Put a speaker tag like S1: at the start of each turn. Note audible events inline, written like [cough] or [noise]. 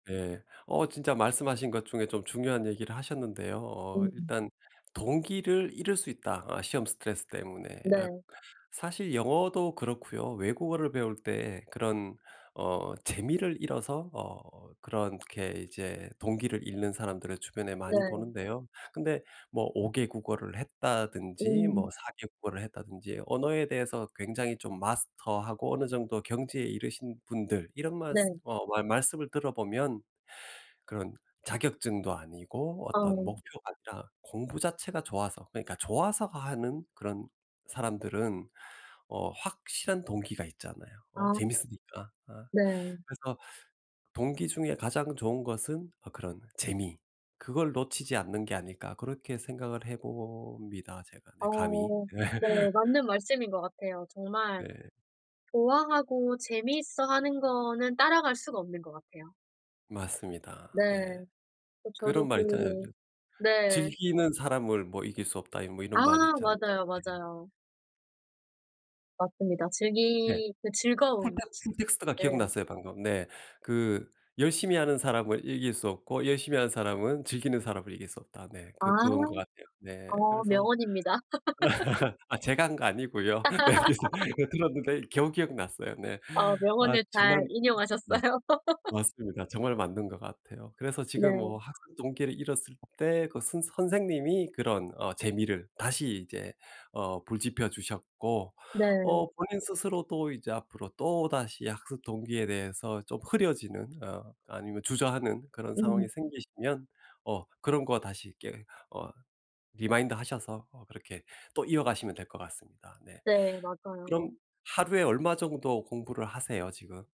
S1: 네. 어 진짜 말씀하신 것 중에 좀 중요한 얘기를 하셨는데요. 어
S2: 음.
S1: 일단 동기를 잃을 수 있다, 어 시험 스트레스 때문에.
S2: 네.
S1: 사실 영어도 그렇고요 외국어를 배울 때 그런 어 재미를 잃어서 어 그렇게 이제 동기를 잃는 사람들을 주변에 많이
S2: 네.
S1: 보는데요. 근데 뭐 5 개 국어를 했다든지 뭐
S2: 음.
S1: 4 개 국어를 했다든지 언어에 대해서 굉장히 좀 마스터하고 어느 정도 경지에 이르신 분들 이런 말쓰
S2: 네.
S1: 어 말 말씀을 들어보면 그런 자격증도 아니고 어떤
S2: 어.
S1: 목표가 아니라 공부 자체가 좋아서 그러니까 좋아서 하는 그런 사람들은 어 확실한 동기가 있잖아요 어
S2: 아
S1: 재밌으니까. 어
S2: 네.
S1: 그래서 동기 중에 가장 좋은 것은 어 그런 재미 그걸 놓치지 않는 게 아닐까 그렇게 생각을 해봅니다, 제가 네 감히.
S2: 어 네 맞는
S1: [laughs]
S2: 말씀인 것 같아요 정말
S1: 네.
S2: 좋아하고 재미있어 하는 거는 따라갈 수가 없는 것 같아요.
S1: 맞습니다 네
S2: 네 어 저도
S1: 그런
S2: 그
S1: 말 있잖아요 저
S2: 네.
S1: 즐기는 사람을 뭐 이길 수 없다 이 뭐
S2: 아
S1: 이런 말이 있잖아요.
S2: 맞아요,
S1: 예.
S2: 맞아요. 맞습니다
S1: 네.
S2: 즐기 그
S1: 컨텍
S2: 즐거움
S1: 컨텍스트가
S2: 네.
S1: 기억났어요 방금. 네. 그 열심히 하는 사람을 이길 수 없고 열심히 하는 사람은 즐기는 사람을 이길 수 없다. 네.
S2: 아
S1: 그 그런 것 같아요. 네.
S2: 어
S1: 그래서
S2: 명언입니다. [laughs]
S1: [laughs] 아 제가 한 거 아니고요. 네 어디서
S2: [laughs]
S1: 어 들었는데 겨우 기억났어요 네
S2: 어.
S1: 아
S2: 명언을 잘
S1: 정말 맞
S2: 인용하셨어요. [laughs]
S1: 맞습니다, 정말 맞는 것 같아요. 그래서 지금
S2: 네.
S1: 뭐 학습동기를 잃었을 때 그 선 선생님이 그런 어 재미를 다시 이제 어 불 지펴 주셨고
S2: 네.
S1: 어 본인 스스로도 이제 앞으로 또 다시 학습동기에 대해서 좀 흐려지는 어 아니면 주저하는 그런 상황이
S2: 음.
S1: 생기시면 어 그런 거 다시 이렇게 어 리마인드하셔서 어 그렇게 또 이어가시면 될 것 같습니다 네.
S2: 네.
S1: 그럼
S2: 맞아요.
S1: 하루에 얼마 정도 공부를 하세요 지금?